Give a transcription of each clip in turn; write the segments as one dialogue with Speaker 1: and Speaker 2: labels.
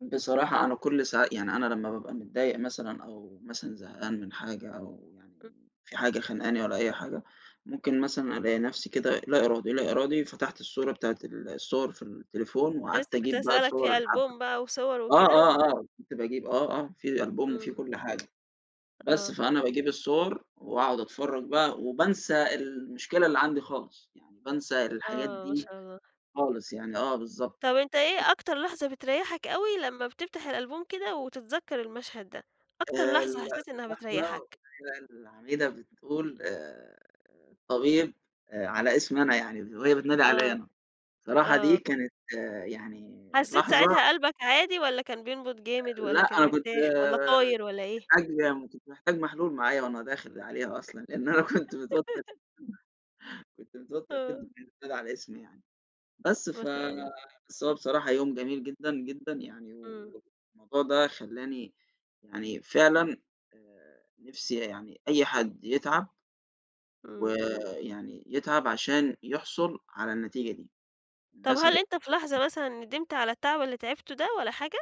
Speaker 1: بصراحة أنا كلّ ساعة، يعني أنا لمّا بابقى متضايق مثلًا أو مثلًا زهقان من حاجة، أو يعني
Speaker 2: إمم.
Speaker 1: في حاجة خانقاني والّا أي حاجة،
Speaker 2: [unintelligible]
Speaker 1: ممكن مثلًا ألاقي نفْسي كده لا إرادي، لا إرادي فتحت الصورة بتاعة ال الصوَر في التليفون،
Speaker 2: أنا
Speaker 1: وقعدت
Speaker 2: لسّه كنت
Speaker 1: أجيب بقى
Speaker 2: هاسألك،
Speaker 1: صوَر
Speaker 2: في
Speaker 1: الحفلة
Speaker 2: ألبوم بقى وصور
Speaker 1: آه،
Speaker 2: وكده؟
Speaker 1: آه، آه، كنت باجيب آه، آه، في ألبوم وفيه
Speaker 2: إمم.
Speaker 1: كلّ حاجة، بس
Speaker 2: آه.
Speaker 1: فأنا باجيب الصوَر وأقعد أتفرّج بقى، وبانسى المشكلة اللي عندي خالص، يعني بانسى الحاجات
Speaker 2: آه، ما
Speaker 1: دي
Speaker 2: شاء الله.
Speaker 1: خالص يعني، آه بالضبط.
Speaker 2: طب أنت إيه
Speaker 1: [unintelligible]
Speaker 2: أكتر لحظة بتريحَك أوي، لمّا بتفتح الألبوم كده، وتتذكر المشهد ده؟ أكتر
Speaker 1: آآ
Speaker 2: لحظة
Speaker 1: ال
Speaker 2: حسّيت إنها
Speaker 1: لحظة بالاقي
Speaker 2: بتريحَك؟
Speaker 1: بقى العميدة بتقول، آآ طبيب، على اسمي أنا يعني، وهي بتنادي عليَّ
Speaker 2: آه،
Speaker 1: أنا، بصراحة دي
Speaker 2: آه.
Speaker 1: كانت يعني
Speaker 2: حسّيت
Speaker 1: لحظة
Speaker 2: ساعتها قلبَك عادي، والّا كان بينبض جامد،
Speaker 1: لأ
Speaker 2: والّا كان
Speaker 1: أنا كنت
Speaker 2: مرتاح، والّا طاير والّا إيه؟
Speaker 1: محتاج وكنت محتاج محلول معايا وأنا داخل عليها أصلًا، لإن أنا كنت متوتر كنت متوتر
Speaker 2: آه.
Speaker 1: جدًا وهي بتنادى على اسمي يعني، بس
Speaker 2: ما
Speaker 1: ف
Speaker 2: شاء الله.
Speaker 1: بس هو بصراحة يوم جميل جدًا، جدًا، يعني
Speaker 2: إمم.
Speaker 1: والموضوع ده خلّاني يعني فعلًا، آآ نِفْسي يعني أي حد يتعب،
Speaker 2: إمم.
Speaker 1: ويعني يتعب عشان يحصُل على النتيجة دي،
Speaker 2: طَب
Speaker 1: الناس هت
Speaker 2: هل أنت في لحظة مثلًا ندمت على التعب اللي تعبته ده، والّا حاجة؟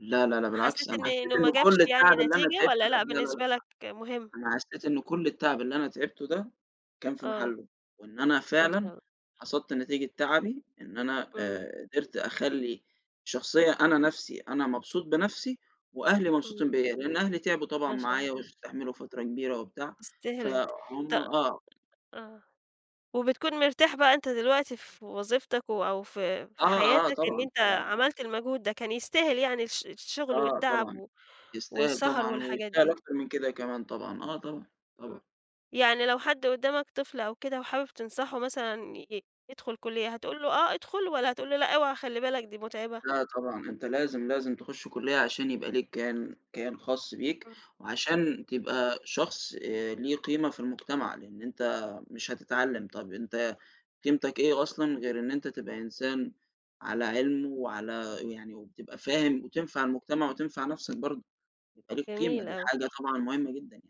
Speaker 1: لا، لا، لأ، بالعكس
Speaker 2: حسّيت
Speaker 1: أنا
Speaker 2: إن
Speaker 1: حسّيت
Speaker 2: إنه ما
Speaker 1: إنه
Speaker 2: جابش
Speaker 1: كلّ
Speaker 2: يعني
Speaker 1: التعب اللي أنا
Speaker 2: نتيجة،
Speaker 1: تعبته
Speaker 2: والّا
Speaker 1: ده
Speaker 2: لأ
Speaker 1: لا، لا، لأ
Speaker 2: بالنسبة لَك مُهم؟
Speaker 1: أنا حسّيت إن كلّ التعب اللي أنا تعبته ده كان في
Speaker 2: آه،
Speaker 1: محلُّه، وإن أنا
Speaker 2: ما شاء
Speaker 1: فعلًا
Speaker 2: الله.
Speaker 1: حصدت نتيجة تعبي، إن أنا
Speaker 2: إمم.
Speaker 1: آآ قدرت أخلّي، شخصية أنا نَفْسي أنا مبسوط بنفْسي وأهلي مبسوطين
Speaker 2: إمم.
Speaker 1: بيّا، لإن أهلي تعبوا طبعًا
Speaker 2: ما شاء الله.
Speaker 1: معايا، واستحملوا فترة كبيرة وبتاع،
Speaker 2: يستاهل أنت،
Speaker 1: فهُم
Speaker 2: ت
Speaker 1: آه.
Speaker 2: آه، وبتكون مرتاح بقى أنت دلوقتي في وظيفتَك و أو في
Speaker 1: آه،
Speaker 2: في حياتَك
Speaker 1: آه،
Speaker 2: إن
Speaker 1: طبعًا،
Speaker 2: أنت
Speaker 1: طبعًا، آه.
Speaker 2: عملت المجهود ده، كان يستاهل يعني الش الشُغل
Speaker 1: آه
Speaker 2: والتعب
Speaker 1: طبعًا،
Speaker 2: و
Speaker 1: يستاهل
Speaker 2: والسهر
Speaker 1: طبعًا،
Speaker 2: والحاجات
Speaker 1: ويستاهل
Speaker 2: دي.
Speaker 1: أكتر من كده كمان طبعًا، آه طبعًا، طبعًا.
Speaker 2: إمم، يعني لو حد قدّامَك طفل أو كده وحابب تنصحه مثلًا ي يدخُل كلية، هتقول له آه أدخُل، والّا هتقول له لأ اوعى خلّي بالَك دي مُتعبة؟
Speaker 1: لأ طبعًا أنت لازم، لازم تخش كُلّية عشان يبقى ليك كيان كيان خاص بيك،
Speaker 2: إمم.
Speaker 1: وعشان تبقى شخص آآ ليه قيمة في المجتمع، لإن أنت مش هتتعلّم، طَب أنت قيمتَك إيه أصلًا غير إن أنت تبقى إنسان على علم، وعلى يعني وتبقى فاهم وتنفع المجتمع وتنفع نفْسك برضه، يبقى ليك قيمة
Speaker 2: جميل
Speaker 1: دي
Speaker 2: أوي.
Speaker 1: حاجة طبعًا مُهمَّة جدًا يعني.